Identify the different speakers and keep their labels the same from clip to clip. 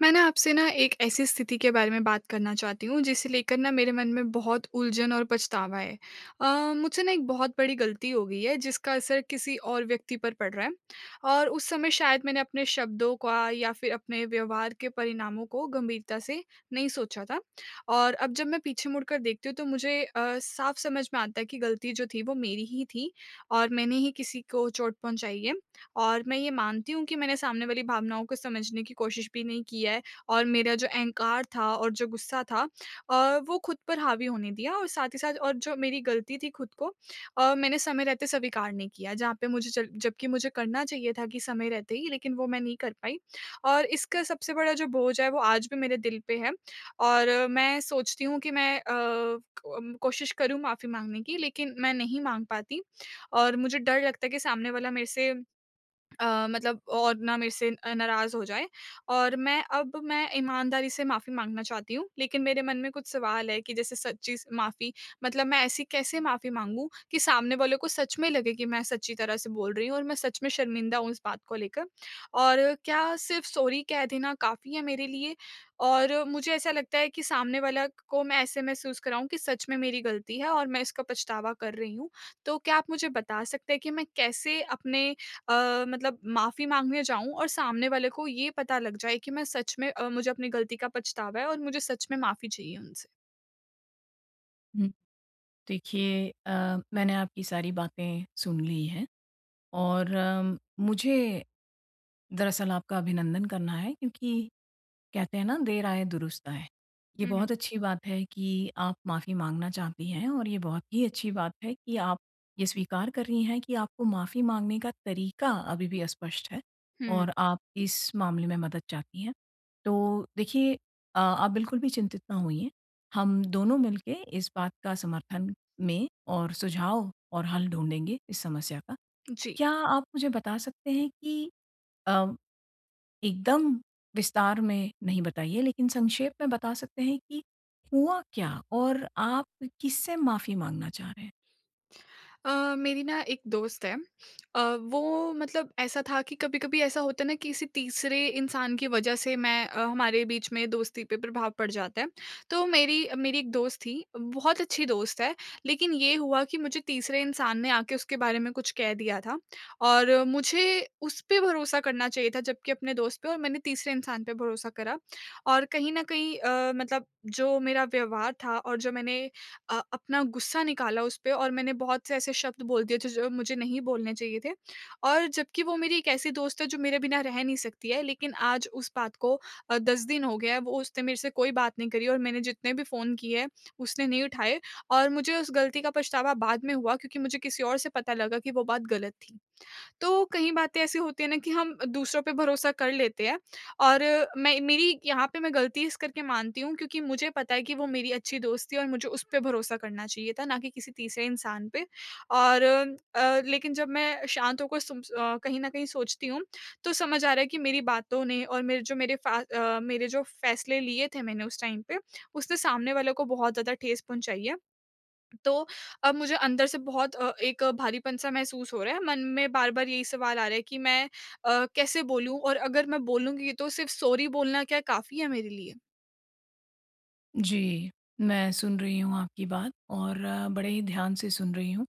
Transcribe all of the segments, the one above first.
Speaker 1: मैं ना आपसे ना एक ऐसी स्थिति के बारे में बात करना चाहती हूँ जिसे लेकर ना मेरे मन में बहुत उलझन और पछतावा है। अ, मुझसे ना एक बहुत बड़ी ग़लती हो गई है जिसका असर किसी और व्यक्ति पर पड़ रहा है। और उस, समय शायद मैंने अपने शब्दों का या फिर अपने व्यवहार के परिणामों को गंभीरता से नहीं सोचा था। और अब जब मैं पीछे मुड़कर देखती हूँ तो मुझे अ, साफ़ समझ में आता है कि ग़लती जो थी वो मेरी ही थी। और मैंने ही किसी को चोट पहुँचाई है, और मैं ये मानती हूँ कि मैंने सामने वाली भावनाओं को समझने की कोशिश भी नहीं की है और मेरा जो अहंकार था, और जो गुस्सा था अ, वो खुद पर हावी होने दिया। और साथ ही साथ और जो मेरी ग़लती थी खुद को अ, मैंने समय रहते स्वीकार नहीं किया जहाँ पे मुझे जब जबकि मुझे करना चाहिए था कि समय रहते ही लेकिन वो मैं नहीं कर पाई और इसका सबसे बड़ा जो बोझ है वो आज भी मेरे दिल पे है। और मैं सोचती हूँ कि मैं अ, क कोशिश करूँ माफ़ी माँगने की लेकिन मैं नहीं माँग पाती। और मुझे डर लगता है कि सामने वाला मेरे से अ, मतलब और ना मेरे से अ, नाराज़ हो जाए और मैं अब मैं ईमानदारी से माफ़ी माँगना चाहती हूँ, लेकिन मेरे मन में कुछ सवाल है कि जैसे सच्ची माफ़ी, मतलब मैं ऐसी कैसे माफ़ी माँगूँ कि सामने वालों को सच में लगे कि मैं सच्ची तरह से बोल रही हूँ और मैं सच में शर्मिंदा हूँ इस बात को लेकर? और क्या सिर्फ़ सॉरी कह देना काफ़ी। मेरे लिए और मुझे ऐसा लगता है कि सामने वाला को मैं ऐसे महसूस कराऊँ कि सच में मेरी ग़लती है, और मैं इसका पछतावा कर रही हूँ। तो क्या आप मुझे बता सकते हैं कि मैं कैसे अपने अ, मतलब माफ़ी माँगने जाऊँ और सामने वाले को ये पता लग जाए कि मैं सच में अ, मुझे अपनी ग़लती का पछतावा है और मुझे सच में माफ़ी चाहिए उनसे।
Speaker 2: हुँ। देखिए अ, मैंने आपकी सारी बातें सुन ली है। और मुझे, दरअसल आपका अभिनंदन करना है क्योंकि कहते हैं ना देर आए, दुरुस्त आए। ये
Speaker 1: हुँ, हुँ।
Speaker 2: बहुत अच्छी बात है कि आप माफ़ी माँगना चाहती हैं और ये बहुत ही अच्छी बात है कि आप ये स्वीकार कर रही हैं कि आपको माफ़ी माँगने का तरीका अभी भी अस्पष्ट है
Speaker 1: हुँ।
Speaker 2: और आप इस मामले में मदद चाहती हैं। तो देखिए अ, आप बिल्कुल भी चिंतित ना होइए। हम दोनों मिलके इस बात का समर्थन में और सुझाव और हल ढूँढेंगे इस समस्या का।
Speaker 1: जी।
Speaker 2: क्या आप मुझे बता सकते हैं कि अ, एकदम विस्तार में नहीं बताइए, लेकिन संक्षेप में बता सकते हैं कि हुआ क्या? और आप किससे माफ़ी माँगना चाह रहे हैं?
Speaker 1: अ, मेरी ना एक दोस्त है। अ, वो मतलब ऐसा था कि कभी-कभी ऐसा होता है ना, किसी तीसरे इंसान के वजह से मैं अ, हमारे बीच में दोस्ती पे प्रभाव पड़ जाता है। तो मेरी मेरी एक दोस्त थी, बहुत अच्छी दोस्त है, लेकिन ये हुआ कि मुझे तीसरे इंसान ने आके उसके बारे में कुछ कह दिया था और मुझे उसपे भरोसा करना चाहिए था जबकि अपने दोस्त पे और मैंने तीसरे इंसान पे भरोसा करा। और कहीं न कहीं अ, मतलब जो मेरा व्यवहार था और जो मैंने अ, अपना गुस्सा निकाला उसपे और मैंने बहुत से ऐसे शब्द बोल दिए थे, जो मुझे नहीं बोलने चाहिए थे। और जबकि वो मेरी एक ऐसी दोस्त है जो मेरे बिना रह नहीं सकती है लेकिन आज उस बात को अ, 10 दिन हो गया है, वो उसने मेरे से कोई बात नहीं करी और मैंने जितने भी फ़ोन किए हैं, उसने नहीं उठाए। और मुझे उस गलती का पछतावा बाद में हुआ क्योंकि मुझे किसी और से पता लगा कि वो बात गलत थी। तो कहीं बातें ऐसी होती हैं ना कि हम दूसरों पे भरोसा कर लेते हैं और मैं मेरी यहाँ पे मैं गलती इस करके मानती हूँ, क्योंकि मुझे पता है कि वो मेरी अच्छी दोस्त थी और मुझे उसपे भरोसा करना चाहिए था ना कि किसी तीसरे इंसान पे। और अ, लेकिन जब मैं शांत होकर सुन अ, कहीं न कहीं सोचती हूँ, तो समझ आ रहा है कि मेरी बातों ने और मेरे जो मेरे फ़ा अ, मेरे जो फैसले लिए थे मैंने उस टाइम पे, उसने सामने वालों को बहुत ज़्यादा ठेस पहुँचाई है। तो, अब मुझे अंदर से बहुत अ, एक भारीपन सा महसूस हो रहा है, मन में बार-बार यही सवाल आ रहा है कि मैं अ, कैसे बोलूँ और अगर मैं बोलूँगी तो सिर्फ़ सॉरी बोलना क्या काफ़ी है मेरे लिए? उ।
Speaker 2: जी, मैं सुन रही हूँ आपकी बात और बड़े ही ध्यान से सुन रही हूँ।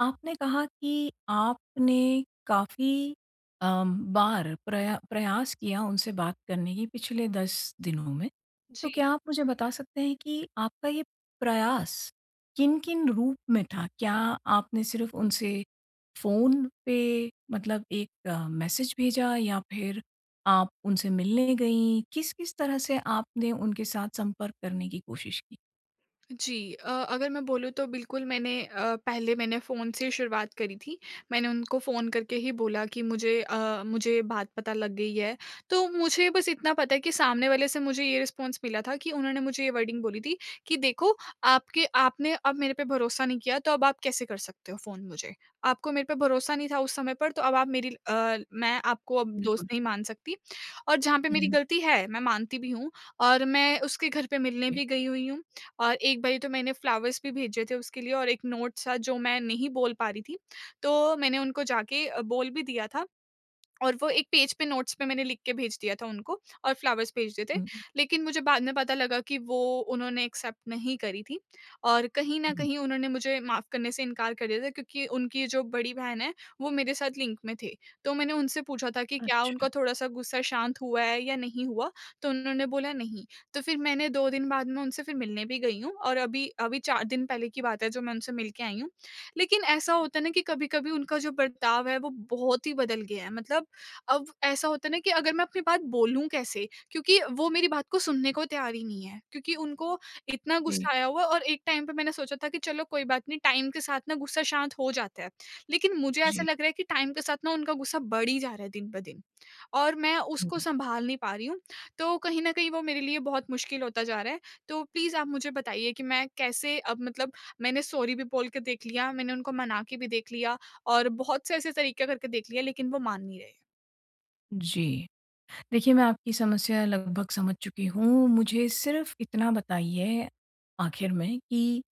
Speaker 2: आपने कहा कि आपने काफ़ी अम, बार प्रया प्रयास किया उनसे बात करने की पिछले 10 दिनों में। तो
Speaker 1: जी।
Speaker 2: क्या आप मुझे बता सकते हैं कि आपका ये प्रयास किन-किन रूप में था? क्या आपने सिर्फ़ उनसे फ़ोन पे मतलब एक मैसेज भेजा या फिर आप उनसे मिलने गईं? किस-किस तरह से आपने उनके साथ संपर्क करने की कोशिश की?
Speaker 1: जी अ, अगर मैं बोलूँ तो बिल्कुल मैंने अ, पहले मैंने फ़ोन से ही शुरुआत करी थी। मैंने उनको फ़ोन करके ही बोला कि मुझे अ, मुझे ये बात पता लग गई है। तो मुझे बस इतना पता है कि सामने वाले से मुझे ये रिस्पॉन्स मिला था कि उन्होंने मुझे ये वर्डिंग बोली थी कि देखो आपके आपने अब मेरे पे भरोसा नहीं किया तो अब आप कैसे कर सकते हो फ़ोन मुझे? आपको मेरे पे भरोसा नहीं था उस समय पर तो अब आप मेरी अ, मैं आपको अब दोस्त
Speaker 2: बिल्कुल।
Speaker 1: नहीं मान सकती। और जहाँ पे मेरी
Speaker 2: हुँ।
Speaker 1: गलती है, मैं मानती भी हूँ और मैं उसके घर पे मिलने भी गई हुई हूँ। और एक बारी तो मैंने फ्लावर्स भी भेजे थे उसके लिए और एक नोट सा जो मैं नहीं बोल पा रही थी। तो मैंने उनको जाके अ, बोल भी दिया था और वो एक पेज पे नोट्स पे मैंने लिख के भेज दिया था उनको और फ्लावर्स भेज दिए थे।
Speaker 2: हुँ, हुँ।
Speaker 1: लेकिन मुझे बाद में पता लगा कि वो उन्होंने एक्सेप्ट नहीं करी थी। और कहीं न
Speaker 2: हुँ।
Speaker 1: कहीं उन्होंने मुझे माफ़ करने से इंकार कर दिया था क्योंकि उनकी जो बड़ी बहन है, वो मेरे साथ लिंक में थे। तो मैंने उनसे पूछा था कि क्या
Speaker 2: अच्छा।
Speaker 1: उनका थोड़ा-सा गुस्सा शांत हुआ है या नहीं हुआ? तो उन्होंने बोला नहीं, तो फिर मैंने 2 दिन बाद में उनसे फिर मिलने भी गई हूँ और अभी अभी 4 दिन पहले की बात है जो मैं उनसे मिलके आई हूँ। लेकिन ऐसा होता है ना कि कभी-कभी उनका जो बर्ताव है वो बहुत ही बदल गया है, मतलब अब ऐसा होता है ना कि अगर मैं अपनी बात बोलूँ कैसे? क्योंकि वो मेरी बात को सुनने को तैयार ही नहीं है। क्योंकि उनको इतना
Speaker 2: जी।
Speaker 1: गुस्सा आया हुआ है और एक टाइम पे मैंने सोचा था कि चलो कोई बात नहीं, टाइम के साथ ना गुस्सा शांत हो जाता है। लेकिन मुझे ऐसा
Speaker 2: जी।
Speaker 1: लग रहा है कि टाइम के साथ ना उनका गुस्सा बढ़ ही जा रहा है दिन ब दिन। और मैं उसको
Speaker 2: हुँ।
Speaker 1: सँभाल नहीं पा रही हूँ, तो कहीं न कहीं वो मेरे लिए बहुत मुश्किल होता जा रहा है। तो प्लीज़ आप मुझे बताइए कि मैं कैसे अब मतलब मैंने सॉरी भी बोल के देख लिया, मैंने उनको मना के भी देख लिया और बहुत से ऐसे तरीके करके देख लिया लेकिन वो मान नहीं रहे।
Speaker 2: जी। देखिए मैं आपकी समस्या लगभग समझ चुकी हूँ। मुझे सिर्फ़ इतना बताइए आखिर में कि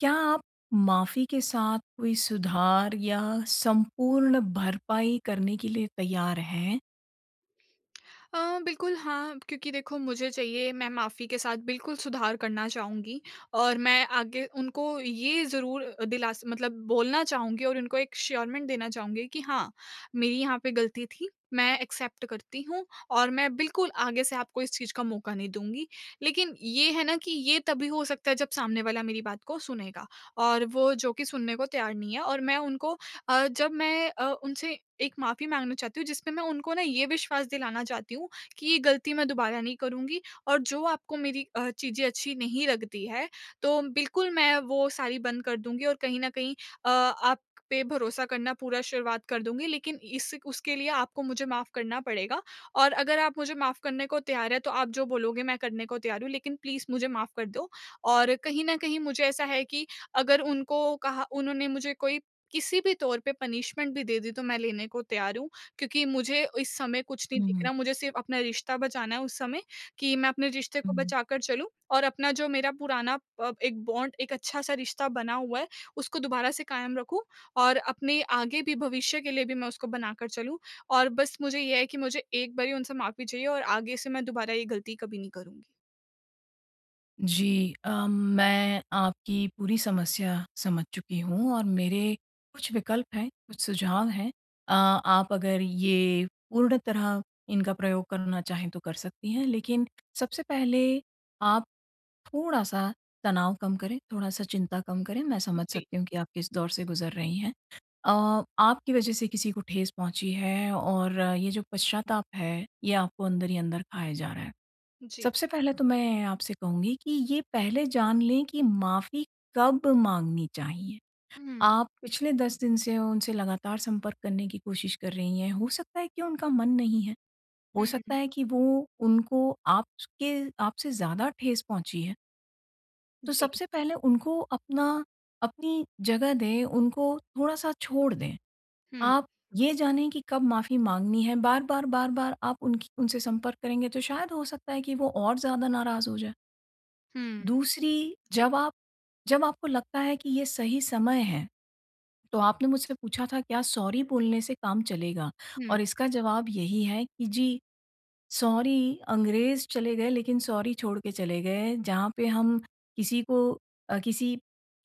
Speaker 2: क्या आप माफ़ी के साथ कोई सुधार या संपूर्ण भरपाई करने के लिए तैयार हैं?
Speaker 1: अ, बिल्कुल हाँ, क्योंकि देखो मुझे चाहिए मैं माफ़ी के साथ बिल्कुल सुधार करना चाहूँगी। और मैं आगे उनको ये ज़रूर दिलास मतलब बोलना चाहूँगी और उनको एक एश्योरमेंट देना चाहूँगी कि हाँ मेरी यहाँ पे गलती थी, मैं एक्सेप्ट करती हूँ और मैं बिल्कुल आगे से आपको इस चीज़ का मौका नहीं दूँगी। लेकिन ये है ना कि ये तभी हो सकता है जब सामने वाला मेरी बात को सुनेगा। और वो जो कि सुनने को तैयार नहीं है और मैं उनको अ, जब मैं अ, उनसे एक माफ़ी माँगना चाहती हूँ, जिसमें मैं उनको ना ये विश्वास दिलाना चाहती हूँ कि ये गलती मैं दोबारा नहीं करूँगी। और जो आपको मेरी अ, चीज़ें अच्छी नहीं लगती है तो बिल्कुल मैं वो सारी बंद कर दूँगी और कहीं न कहीं अ, आप पे भरोसा करना पूरा शुरुआत कर दूँगी। लेकिन इस उसके लिए आपको मुझे माफ़ करना पड़ेगा। और अगर आप मुझे माफ़ करने को तैयार हैं तो आप जो बोलोगे मैं करने को तैयार हूँ, लेकिन प्लीज मुझे माफ़ कर दो। और कहीं न कहीं मुझे ऐसा है कि अगर उनको कहा उन्होंने मुझे कोई किसी भी तौर पे पनिशमेंट भी दे दी तो मैं लेने को तैयार हूँ क्योंकि मुझे इस समय कुछ नहीं दिख
Speaker 2: हुँ।
Speaker 1: रहा, मुझे सिर्फ़ अपना रिश्ता बचाना है उस समय कि मैं अपने रिश्ते को
Speaker 2: हुँ।
Speaker 1: बचाकर चलूँ और अपना जो मेरा पुराना अ, एक बॉन्ड, एक अच्छा-सा रिश्ता बना हुआ है उसको दोबारा से कायम रखूँ और अपने आगे भी भविष्य के लिए भी मैं उसको बना कर चलूँ। और बस मुझे ये है कि मुझे एक बारी उनसे माफ़ी चाहिए और आगे से मैं दोबारा ये गलती कभी नहीं करूँगी।
Speaker 2: जी, अम, मैं आपकी पूरी समस्या समझ चुकी हूँ और मेरे कुछ विकल्प हैं, कुछ सुझाव हैं अ, आप अगर ये पूर्ण तरह इनका प्रयोग करना चाहें तो कर सकती हैं लेकिन सबसे पहले आप थोड़ा-सा तनाव कम करें, थोड़ा-सा चिंता कम करें, मैं
Speaker 1: उ,
Speaker 2: समझ
Speaker 1: जी।
Speaker 2: सकती हूँ कि आप किस दौर से गुजर रही हैं। अ, आपकी वजह से किसी को ठेस पहुँची है और ये जो पश्चाताप है, ये आपको अंदर ही अंदर खाए जा रहा हैं।
Speaker 1: जी।
Speaker 2: सबसे पहले तो मैं आपसे कहूँगी कि ये पहले जान लें कि माफ़ी कब माँगनी चाहिए।
Speaker 1: उ, हुँ।
Speaker 2: आप पिछले 10 दिन से उनसे लगातार संपर्क करने की कोशिश कर रही हैं, हो सकता है कि उनका मन नहीं है, हो
Speaker 1: हुँ,
Speaker 2: सकता
Speaker 1: हुँ।
Speaker 2: है कि वो उनको आप के आपसे ज़्यादा ठेस पहुँची है। तो
Speaker 1: जी।
Speaker 2: सबसे पहले उनको अपना अपनी जगह दें, उनको थोड़ा-सा छोड़ दें।
Speaker 1: हुँ।
Speaker 2: आप ये जाने कि कब माफी माँगनी है, बार-बार, बार-बार आप उनकी उनसे संपर्क करेंगे तो शायद हो सकता है कि वो और ज़्यादा नाराज हो जाए।
Speaker 1: हुँ।
Speaker 2: दूसरी
Speaker 1: जी।
Speaker 2: जब आप जब आपको लगता है कि ये सही समय है, तो आपने मुझसे पूछा था क्या सॉरी बोलने से काम चलेगा?
Speaker 1: हुँ।
Speaker 2: और इसका जवाब यही है कि जी सॉरी अंग्रेज़ चले गए लेकिन सॉरी छोड़ के चले गए। जहाँ पे हम किसी को अ, किसी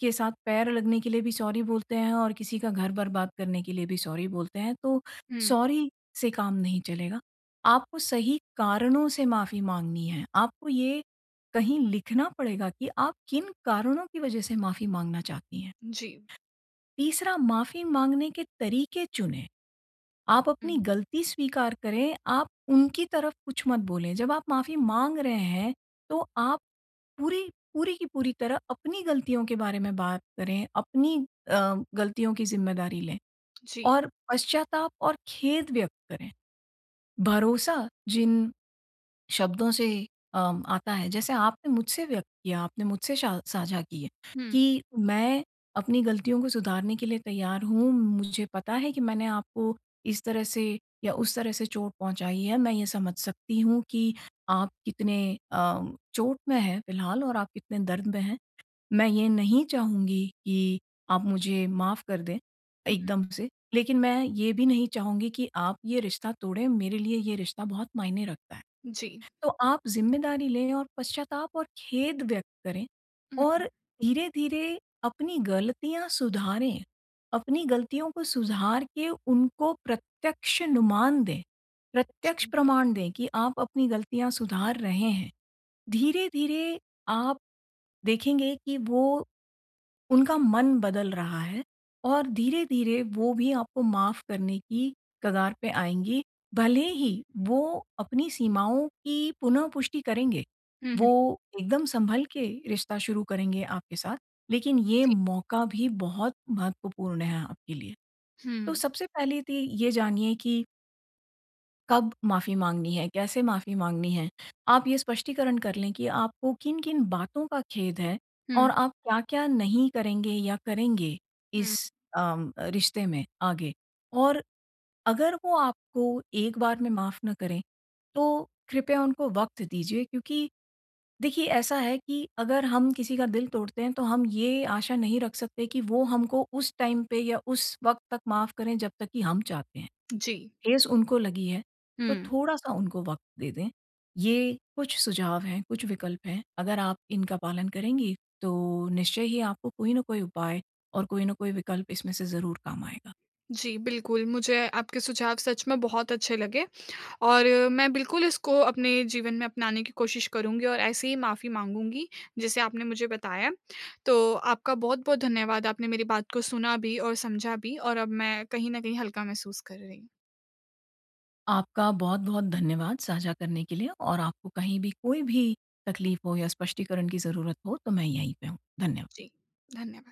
Speaker 2: के साथ पैर लगने के लिए भी सॉरी बोलते हैं और किसी का घर बर्बाद करने के लिए भी सॉरी बोलते हैं तो
Speaker 1: हुँ।
Speaker 2: सॉरी से काम नहीं चलेगा। आपको सही कारणों से माफ़ी माँगनी है। आपको ये, कहीं लिखना पड़ेगा कि आप किन कारणों की वजह से माफ़ी माँगना चाहती हैं।
Speaker 1: जी।
Speaker 2: तीसरा माफ़ी माँगने के तरीके चुनें। आप अपनी
Speaker 1: हुँ।
Speaker 2: गलती स्वीकार करें, आप उनकी तरफ कुछ मत बोलें। जब आप माफ़ी माँग रहे हैं तो आप पूरी पूरी की पूरी तरह अपनी गलतियों के बारे में बात करें, अपनी अ, गलतियों की ज़िम्मेदारी लें
Speaker 1: जी।
Speaker 2: और पश्चाताप और खेद व्यक्त करें। भरोसा जिन शब्दों से अ, आता है जैसे आपने मुझसे व्यक्त किया आपने मुझसे श साझा किए
Speaker 1: हुँ।
Speaker 2: कि मैं अपनी गलतियों को सुधारने के लिए तैयार हूँ। मुझे पता है कि मैंने आपको इस तरह से या उस तरह से चोट पहुँचाई है। मैं ये समझ सकती हूँ कि आप कितने अ, चोट में है फिलहाल और आप कितने दर्द में हैं। मैं ये नहीं चाहूँगी कि आप मुझे माफ कर दें
Speaker 1: हुँ।
Speaker 2: एकदम से। लेकिन मैं ये भी नहीं चाहूँगी कि आप ये रिश्ता तोड़ें मेरे लिए ये रिश्ता बहुत मायने रखता है।
Speaker 1: जी।
Speaker 2: तो आप ज़िम्मेदारी लें और पश्चाताप और खेद व्यक्त करें और
Speaker 1: हुँ।
Speaker 2: धीरे-धीरे अपनी गलतियाँ सुधारें। अपनी गलतियों को सुधार के उनको प्रत्यक्ष नुमान दें, प्रत्यक्ष
Speaker 1: जी।
Speaker 2: प्रमाण दें कि आप अपनी गलतियाँ सुधार रहे हैं। धीरे-धीरे आप देखेंगे कि वो उनका मन बदल रहा है और धीरे-धीरे वो भी आपको माफ़ करने की कगार पे आएँगी। भले ही वो अपनी सीमाओं की पुनः पुष्टि करेंगे।
Speaker 1: उहुँ।
Speaker 2: वो एकदम संभल के रिश्ता शुरू करेंगे आपके साथ। लेकिन ये
Speaker 1: जी।
Speaker 2: मौका भी बहुत महत्वपूर्ण है आपके लिए। तो
Speaker 1: हुँ।
Speaker 2: सबसे पहली ती ये जानिए कि कब माफ़ी माँगनी है, कैसे माफ़ी माँगनी है। आप ये स्पष्टीकरण कर लें कि आपको किन-किन बातों का खेद है
Speaker 1: हुँ।
Speaker 2: और आप क्या-क्या नहीं करेंगे या करेंगे,
Speaker 1: हुँ।
Speaker 2: इस अम, अ, रिश्ते में आगे। और अगर वो आपको एक बार में माफ़ ना करें, तो कृपया उनको वक़्त दीजिए। क्योंकि देखिए, ऐसा है कि अगर हम किसी का दिल तोड़ते हैं, तो हम ये आशा नहीं रख सकते कि वो हमको उस टाइम पे या उस वक़्त तक माफ़ करें, जब तक कि हम चाहते हैं।
Speaker 1: जी।
Speaker 2: ठेस उनको लगी है, तो
Speaker 1: हुँ।
Speaker 2: थोड़ा-सा उनको वक़्त दे दें। ये कुछ सुझाव हैं, कुछ विकल्प हैं। अगर आप इनका पालन करेंगी, तो निश्चय ही आपको कोई न कोई उपाय और कोई न कोई विकल्प इसमें से ज़रूर काम आएगा।
Speaker 1: जी, बिल्कुल। मुझे आपके सुझाव सच में बहुत अच्छे लगे और मैं बिल्कुल इसको अपने जीवन में अपनाने की कोशिश करुँगी और ऐसे ही माफ़ी माँगूँगी, जैसे आपने मुझे बताया। तो आपका बहुत-बहुत धन्यवाद। आपने मेरी बात को सुना भी और समझा भी और अब मैं कहीं न कहीं हल्का महसूस कर रही।
Speaker 2: आपका बहुत-बहुत धन्यवाद साझा करने के लिए और आपको कहीं भी, कोई भी तकलीफ़ हो या स्पष्टीकरण की ज़रूरत हो, तो मैं यहीं पे हूँ। धन्यवाद।
Speaker 1: जी, धन्यवाद।